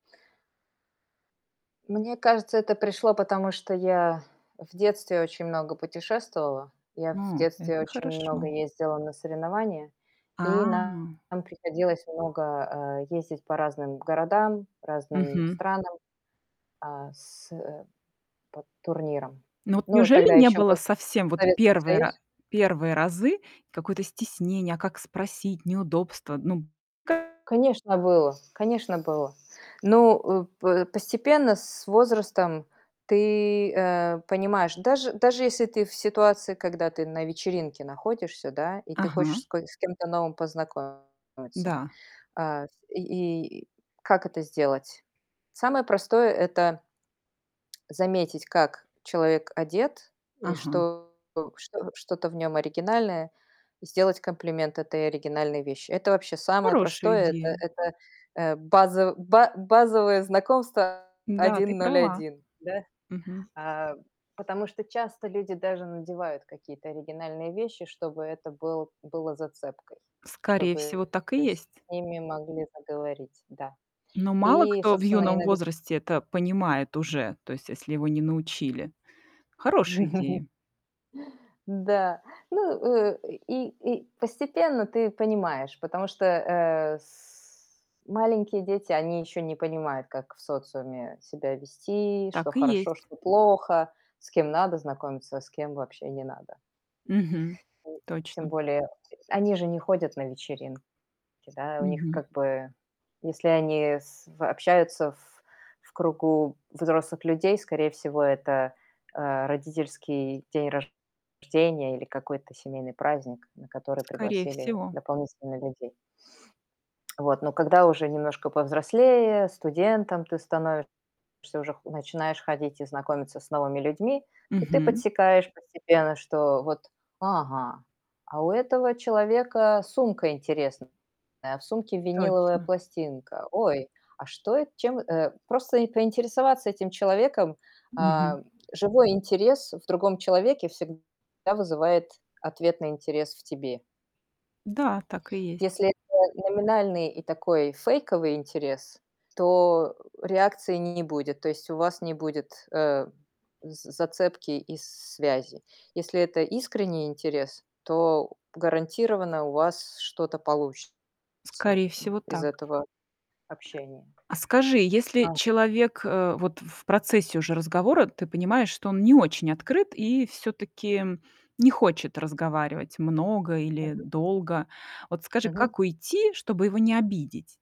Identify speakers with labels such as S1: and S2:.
S1: Мне кажется, это пришло, потому что я в детстве очень много путешествовала. Я в
S2: М,
S1: детстве
S2: это
S1: очень много
S2: хорошо.
S1: ездила на соревнования, и
S2: А.
S1: нам приходилось много, э, ездить по разным городам, разным
S2: Мгм.
S1: странам, а, с э, по турнирам.
S2: Ну вот
S1: Ну, тогда
S2: неужели не
S1: ещё
S2: было
S1: был
S2: совсем вот
S1: Советский
S2: 1 ра
S1: Союз.
S2: 1 разы какое-то стеснение, а как спросить, неудобство? Ну, ка
S1: Конечно, было. Конечно, было. Ну, э, п постепенно с возрастом ты, э, понимаешь, даже даже если ты в ситуации, когда ты на вечеринке находишься, да, и ты
S2: Ага.
S1: хочешь с ко с кем-то новым познакомиться.
S2: Да.
S1: Э, и и и как это сделать? Самое простое- это заметить, как человек одет и
S2: Ага.
S1: что что что-то в нём оригинальное, и сделать комплимент этой оригинальной вещи. Это вообще самое
S2: Хорошая
S1: простое. Это
S2: идея.
S1: это, э, базо ба базовое знакомство
S2: Да, ты
S1: один ноль
S2: права.
S1: один, да?
S2: Мгм.
S1: А, потому что часто люди даже надевают какие-то оригинальные вещи, чтобы это был было зацепкой,
S2: Скорее
S1: чтобы
S2: всего, так и
S1: с
S2: есть.
S1: ними могли заговорить, да.
S2: Но мало
S1: И
S2: кто в
S1: собственно,
S2: юном
S1: иног
S2: возрасте это понимает уже. То есть если его не научили. Хорошая идея.
S1: Да. Ну, э, и и постепенно ты понимаешь, потому что, э, с маленькие дети, они еще не понимают, как в социуме себя вести, что
S2: Так и
S1: хорошо,
S2: есть.
S1: что плохо, с кем надо знакомиться, а с кем вообще не надо.
S2: Мгм,
S1: И тем
S2: точно.
S1: более они же не ходят на вечеринки да. У них
S2: Мгм.
S1: как бы, если они с в общаются в в кругу взрослых людей, скорее всего, это, э, родительский день рожденья или какой-то семейный праздник, на который
S2: Скорее
S1: пригласили
S2: всего.
S1: дополнительно людей. Вот. Но когда уже немножко повзрослее, студентом ты становишься, уже начинаешь ходить и знакомиться с новыми людьми, то ты
S2: Мгм.
S1: подсекаешь постепенно, что вот: "Ага, а у этого человека сумка интересная, а в сумке виниловая
S2: Точно.
S1: пластинка. Ой, а что, э, чем" Э, просто поинтересоваться этим человеком.
S2: Мгм.
S1: А, живой интерес в другом человеке всегда вызывает ответный интерес в тебе.
S2: Да, так и есть.
S1: Если это номинальный и такой фейковый интерес, то реакции не не будет. То есть у вас не будет, э, з зацепки и с связи. Если это искренний интерес, то гарантированно у вас что-то получится
S2: Скорее
S1: м,
S2: всего,
S1: из
S2: так.
S1: этого общения.
S2: А скажи, если
S1: А
S2: человек, э, вот в процессе уже разговора ты понимаешь, что он не очень открыт и всё-таки не хочет разговаривать много или
S1: Мгм.
S2: долго. Вот скажи,
S1: Мгм.
S2: как уйти, чтобы его не обидеть?